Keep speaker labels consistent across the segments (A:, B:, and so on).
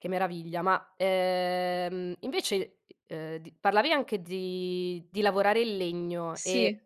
A: Che meraviglia, ma, ehm, invece ehm, di parlavi anche di di lavorare il legno, ehm,
B: Sì.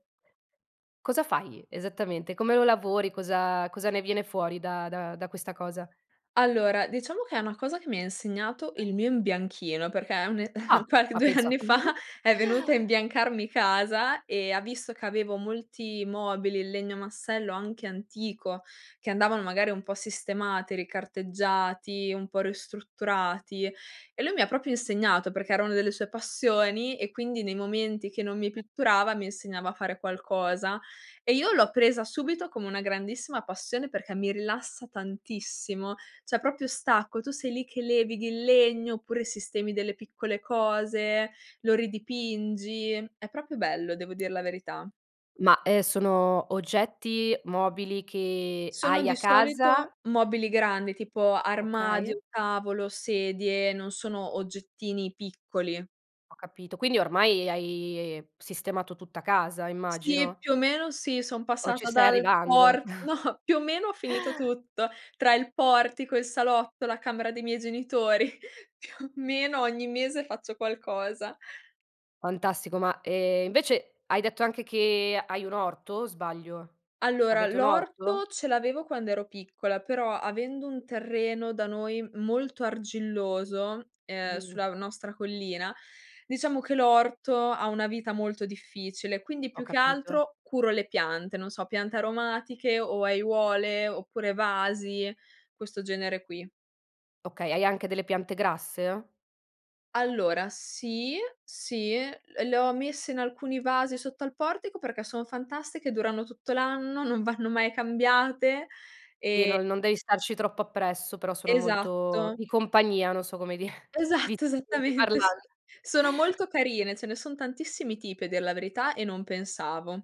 A: cosa fai esattamente? Come lo lavori? Cosa cosa ne viene fuori da da da questa cosa?
B: Allora, diciamo che è una cosa che mi ha insegnato il mio imbianchino, perché è un
A: Ah,
B: qual
A: ma
B: 2
A: pensa
B: anni fa,
A: tu.
B: è venuto a imbiancarmi casa, e ha visto che avevo molti mobili in legno massello, anche antico, che andavano magari un po' sistemati, ricarteggiati, un po' ristrutturati; e lui mi proprio insegnato, perché erano delle sue passioni, e quindi nei momenti che non mi pitturava, mi insegnava a fare qualcosa; e io l'ho presa subito come una grandissima passione, perché mi rilassa tantissimo. Cioè proprio stacco, tu sei lì che levighi il legno, oppure sistemi delle piccole cose, lo ridipingi, è proprio bello, devo dir la verità.
A: Ma, ehm, sono oggetti, mobili che
B: Sono
A: hai
B: di
A: a casa?
B: solito mobili grandi, tipo
A: Okay.
B: armadio, tavolo, sedie; non sono oggettini piccoli.
A: Ho capito, quindi, ormai, hai, sistemato tutta casa
B: Sì,
A: immagino?
B: più o meno, sì, son
A: O ci
B: passata
A: stai
B: dal
A: arrivando?
B: por no, più o meno, ho finito tutto. Tra il portico, il salotto, la camera dei miei genitori. Più o meno ogni mese faccio qualcosa.
A: Fantastico, ma, ehm, invece hai detto anche che, hai un orto, o sbaglio?
B: Allora,
A: Avete un orto?
B: l'orto ce l'avevo quando ero piccola, però, avendo un terreno da noi molto argilloso, ehm,
A: Mh.
B: sulla nostra collina, diciamo che l'orto ha una vita molto difficile, quindi,
A: Ho
B: più che
A: capito.
B: altro, curo, le piante, non so: piante aromatiche, o aiuole oppure vasi, questo genere qui.
A: Okay, hai anche delle piante grasse?
B: Allora, sì, sì, l le ho messe in alcuni vasi sotto al portico, perché sono fantastiche, durano tutto l'anno, non vanno mai cambiate
A: E
B: e
A: no non devi starci troppo appresso, però sono molto
B: Esatto.
A: di compagnia, non so come dire, Vi.
B: Esatto, esattamente s
A: [unintelligible]
B: Sono molto carine, ce ne son tantissimi tipi, a dir la verità, e non pensavo.